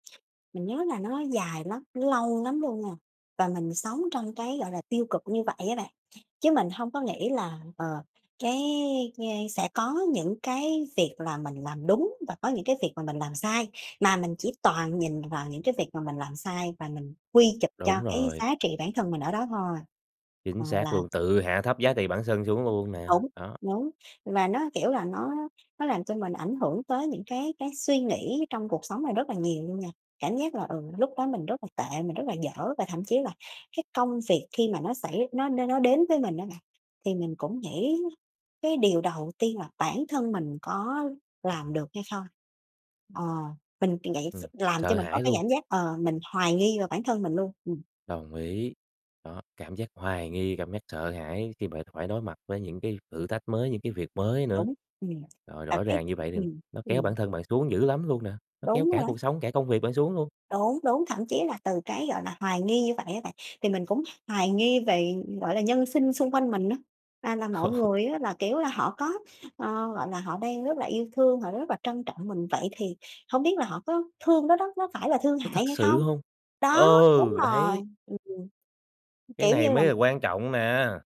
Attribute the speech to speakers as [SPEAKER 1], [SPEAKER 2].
[SPEAKER 1] Mình nhớ là nó dài lắm, nó lâu lắm luôn nha, và mình sống trong cái, gọi là, tiêu cực như vậy á bạn, chứ mình hông có nghĩ là, ờ, cái [unintelligible] sẽ có những cái việc là mình làm đúng và có những cái việc mà mình làm sai. Mà mình chỉ toàn nhìn vào những cái việc mà mình làm sai và mình quy chụp cho
[SPEAKER 2] Đúng
[SPEAKER 1] cái
[SPEAKER 2] rồi.
[SPEAKER 1] giá trị bản thân mình ở đó thôi.
[SPEAKER 2] Chính
[SPEAKER 1] Ờ,
[SPEAKER 2] xác
[SPEAKER 1] là
[SPEAKER 2] luôn, tự hạ thấp giá trị bản sân xuống luôn
[SPEAKER 1] Ừm,
[SPEAKER 2] nè,
[SPEAKER 1] đúng,
[SPEAKER 2] đó.
[SPEAKER 1] đúng, và nó, kiểu là, nó nó làm cho mình ảnh hưởng tới những cái cái suy nghĩ trong cuộc sống này rất là nhiều luôn nè, cảm giác là, ừ, lúc đó mình rất là tệ, mình rất là dở và thậm chí là cái công việc khi mà nó xảy nó nó đến với mình á bạn thì mình cũng nghĩ cái điều đầu tiên là bản thân mình có làm được hay không? Ờ, mình [unintelligible] vậy s
[SPEAKER 2] Ừm,
[SPEAKER 1] làm cho
[SPEAKER 2] sợ
[SPEAKER 1] mình có
[SPEAKER 2] hãi
[SPEAKER 1] cái
[SPEAKER 2] luôn.
[SPEAKER 1] cảm giác, ờ, mình hoài nghi về bản thân mình luôn, ừm.
[SPEAKER 2] Đồng ý, đó, cảm giác hoài nghi, cảm giác sợ hãi khi bạn phải đối mặt với những cái thử thách mới, những cái việc mới nữa.
[SPEAKER 1] Đúng, ừm,
[SPEAKER 2] Rồi
[SPEAKER 1] và
[SPEAKER 2] rõ
[SPEAKER 1] cái
[SPEAKER 2] ràng như vậy thì
[SPEAKER 1] ừm,
[SPEAKER 2] nó kéo bản
[SPEAKER 1] [unintelligible]
[SPEAKER 2] thân bạn xuống dữ lắm luôn nè, nó kéo
[SPEAKER 1] Đúng
[SPEAKER 2] cả
[SPEAKER 1] rồi.
[SPEAKER 2] cuộc sống, cả công việc bạn xuống luôn.
[SPEAKER 1] Đúng, đúng, thậm chí là từ cái, gọi là, hoài nghi như vậy á bạn thì mình cũng hoài nghi về, gọi là, nhân sinh xung quanh mình á, à, là mọi người á là, kiểu là, họ có ờ, gọi là, họ đang rất là yêu thương, họ rất là trân trọng mình vậy thì hông biết là họ có thương đó đó, nó phải là thương
[SPEAKER 2] Có
[SPEAKER 1] hại
[SPEAKER 2] thật
[SPEAKER 1] hay
[SPEAKER 2] sự
[SPEAKER 1] không?
[SPEAKER 2] hông?
[SPEAKER 1] Đó, đúng
[SPEAKER 2] Ừ,
[SPEAKER 1] rồi,
[SPEAKER 2] đấy!
[SPEAKER 1] ừm, ừm,
[SPEAKER 2] Cái
[SPEAKER 1] kiểu
[SPEAKER 2] này
[SPEAKER 1] như,
[SPEAKER 2] mới là
[SPEAKER 1] làm
[SPEAKER 2] quan trọng nè.